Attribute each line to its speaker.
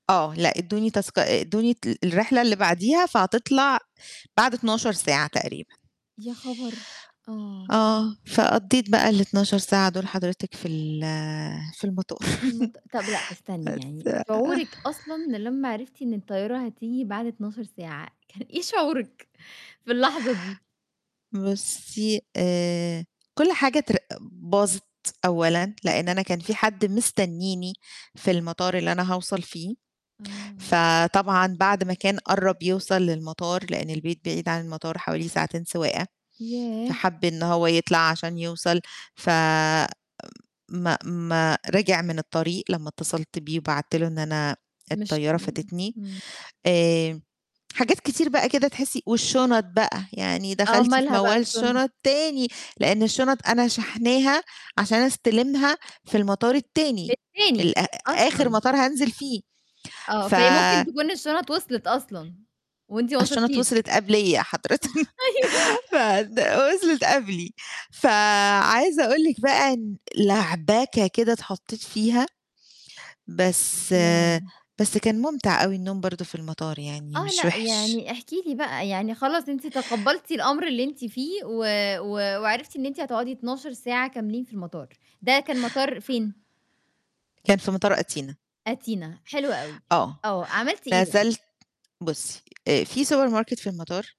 Speaker 1: آه، لأ، ادوني تذك ادوني ت الرحلة اللي بعديها فهتطلَع بعد 12 ساعة تقريبًا.
Speaker 2: يا خبر! آه.
Speaker 1: آه. فقضِّيت بقى ال12 ساعة دُول حضرتِك في ال في المطار
Speaker 2: المط طَب لأ، استني يعني
Speaker 1: بس
Speaker 2: شعورِك أصلًا ده لمّا عرِفتِ إن الطيارة هتيجي بعد 12 ساعة، كان إيه شعورِك في اللحظة دي؟
Speaker 1: بُصي آآ كل حاجة تر باظِت أولًا، لأن أنا كان فيه حد مستنيني في المطار اللي أنا هاوصَل فيه،
Speaker 2: آه.
Speaker 1: فطبعًا بعد ما كان قرَّب يوصَل للمطار، لأن البيت بعيد عن المطار حوالي ساعتين سواقة،
Speaker 2: ياه!
Speaker 1: فَحَب إن هو يطلَع عشان يوصَل ف ما ما رجِع من الطريق لمّا اتصلت بيه وبعت له إن أنا
Speaker 2: مش
Speaker 1: الطيارة
Speaker 2: م
Speaker 1: فاتتني.
Speaker 2: إمم.
Speaker 1: آآ حاجات كتير بقى كده تحسي والشنط بقى يعني
Speaker 2: آه،
Speaker 1: دَخَلتِ في
Speaker 2: مالها بقى
Speaker 1: موال
Speaker 2: الشن؟
Speaker 1: الشنط تاني، لأن الشنط أنا شاحناها عشان استلِمها في المطار التاني
Speaker 2: التاني،
Speaker 1: الأ آخر
Speaker 2: أصلًا!
Speaker 1: مطار هانزِِل فيه،
Speaker 2: آه،
Speaker 1: ف
Speaker 2: فهي ممكن تكون الشنط وصلت أصلًا، وأنتِ ما
Speaker 1: الشنط
Speaker 2: وصِلتيش.
Speaker 1: وصلِت قبليَّ حضرِتِك،
Speaker 2: أيوه
Speaker 1: ف د وصلِت قبلي فعايزة أقول لِك بقى إن لعبكة كده اتحطيت فيها. بس
Speaker 2: ياه!
Speaker 1: بس كان مُمتع أوي النوم برضو في المطار يعني
Speaker 2: آه،
Speaker 1: مش
Speaker 2: لأ،
Speaker 1: وِحِش.
Speaker 2: يعني، احكِ لي بقى يعني خلاص أنتِ تقبلتِ الأمر اللي أنتِ فيه و و وعرفتِ إن أنتِ هتقعدي 12 ساعة كاملين في المطار. ده كان مطار فين؟
Speaker 1: كان في مطار أتينا.
Speaker 2: أتينا حلو أوي،
Speaker 1: آه.
Speaker 2: آه. عملتِ إيه بقى؟
Speaker 1: نَزلت بُصي، آآ فيه سوبر ماركت في المطار